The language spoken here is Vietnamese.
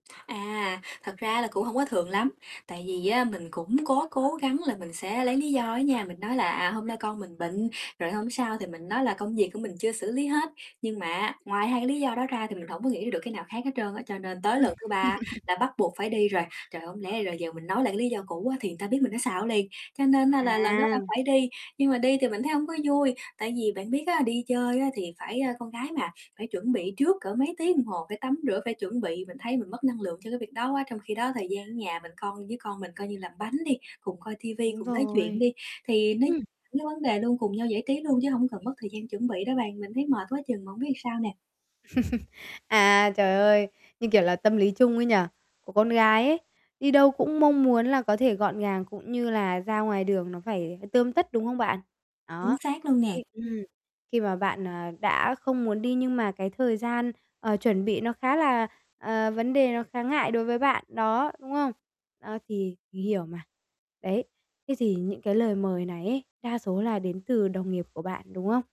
À, thật ra là cũng hông có thường lắm, tại vì á mình cũng có cố gắng là mình sẽ lấy lý do á nha. Mình nói là "À, hôm nay con mình bệnh", rồi hôm sau thì mình nói là "Công việc của mình chưa xử lý hết". Nhưng mà á, ngoài hai cái lý do đó ra thì mình hổng có nghĩ ra được cái nào khác hết trơn á, cho nên tới Ừm. lần thứ 3 là bắt buộc phải đi rồi. Trời, không lẽ bây giờ giờ mình nói lại cái lý do cũ á thì người ta biết mình nó xạo liền, cho nên á là lần đó là À. phải đi. Nhưng mà đi thì mình thấy hông có vui, tại vì bạn biết á, đi chơi á thì phải, a, con gái mà, phải chuẩn bị trước cỡ mấy tiếng đồng hồ, phải tắm rửa, phải chuẩn bị. Mình thấy mình mất năng lượng cho cái việc đó quá, trong khi đó thời gian ở nhà mình con với con mình coi như làm bánh đi, cùng coi ti vi, Đúng cùng nói chuyện rồi. đi, thì nó Ừm. những vấn đề luôn, cùng nhau giải trí luôn chứ không cần mất thời gian chuẩn bị đó bạn. Mình thấy mệt quá chừng mà hông biết làm sao nè? À, trời ơi! Như, kiểu, là tâm lý chung ấy nhỉ? Của con gái ấy, đi đâu cũng mong muốn là có thể gọn gàng cũng như là ra ngoài đường nó phải, ờ, tươm tất, đúng không bạn? Chính Đó, xác luôn nè. thì ừm, khi mà bạn, ờ, đã không muốn đi nhưng mà cái thời gian, ờ, chuẩn bị nó khá là ờ, vấn đề nó khá ngại đối với bạn, đó, đúng không? Ơ, thì mình hiểu mà, đấy, thế thì những cái lời mời này ấy đa số là đến từ đồng nghiệp của bạn, đúng không?